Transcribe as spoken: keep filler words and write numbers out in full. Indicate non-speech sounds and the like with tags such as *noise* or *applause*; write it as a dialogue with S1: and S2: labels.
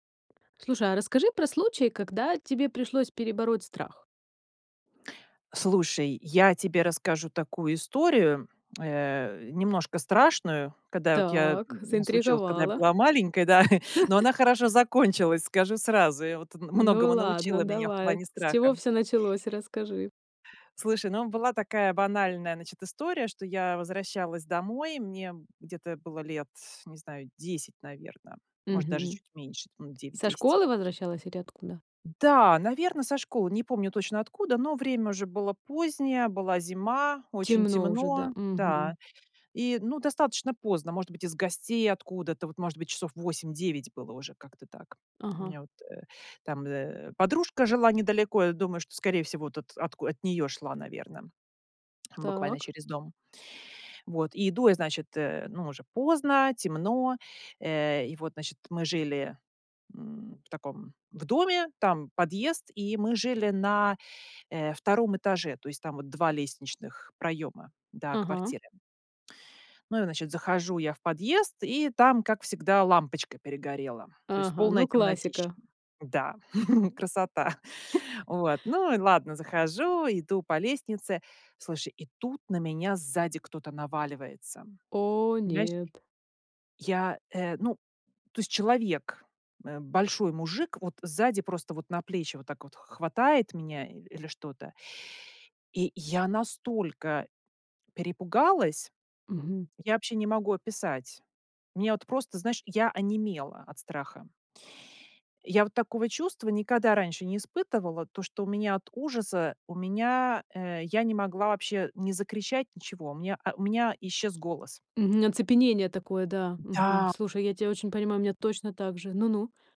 S1: Слушай, а расскажи про случай, когда тебе пришлось перебороть страх.
S2: Слушай, я тебе расскажу такую историю, э, немножко страшную, когда вот я,
S1: Так,
S2: м, случилась, когда я
S1: заинтриговала.
S2: была маленькой, да, *chuckles* но она
S1: *chuckles*
S2: хорошо закончилась, скажу сразу. И вот
S1: Ну,
S2: многому
S1: ладно,
S2: научила меня в
S1: давай.
S2: плане
S1: С чего
S2: страха.
S1: всё началось, расскажи.
S2: Слушай, ну, была такая банальная, значит, история, что я возвращалась домой. Мне где-то было лет, не знаю, десять, наверно, может, даже
S1: Мгм.
S2: чуть меньше, там, девять
S1: Со
S2: десять.
S1: школы возвращалась или откуда?
S2: Да, наверно, со школы. Не помню точно, откуда, но время уже было позднее. Была зима, очень
S1: Темно уже, да.
S2: темно.
S1: Мгм.
S2: Да. И, ну, достаточно поздно, может быть, из гостей откуда-то, вот, может быть, часов восемь девять было уже. Как-то так. У
S1: Ага.
S2: меня вот, э, там, э, подружка жила недалеко, я думаю, что, скорее всего, вот, от отку от неё шла, наверно, буквально
S1: Так.
S2: через дом. Вот, и иду я, значит, э, ну, уже поздно, темно, э, и вот, значит, мы жили, м, в таком, в доме, там подъезд, и мы жили на, э, втором этаже, то есть там вот два лестничных проёма до
S1: Ага.
S2: квартиры. Ну и, значит, захожу я в подъезд, и там, как всегда, лампочка перегорела. То есть
S1: Ага,
S2: полная
S1: ну,
S2: темнотища.
S1: классика.
S2: Да, *chuckles* красота.
S1: *chuckles*
S2: Вот, ну и ладно, захожу, иду по лестнице. Слушай, и тут на меня сзади кто-то наваливается,
S1: О
S2: понимаешь.
S1: нет.
S2: Я, э ну, то есть человек, э, большой мужик, вот сзади просто вот на плечи вот так вот х хватает меня и или что-то и я настолько перепугалась:
S1: Мгм.
S2: я вообще не могу описать. Меня вот просто знаешь, я онемела от страха. Я вот такого чувства никогда раньше не испытывала, то, что у меня от ужаса у меня, э, я не могла вообще ни закричать, ничего. Мне а, у меня исчез голос.
S1: Мгм, оцепенение такое, да.
S2: Да.
S1: Мгм. Слушай, я тя очень понимаю, у меня точно так же. Ну-ну.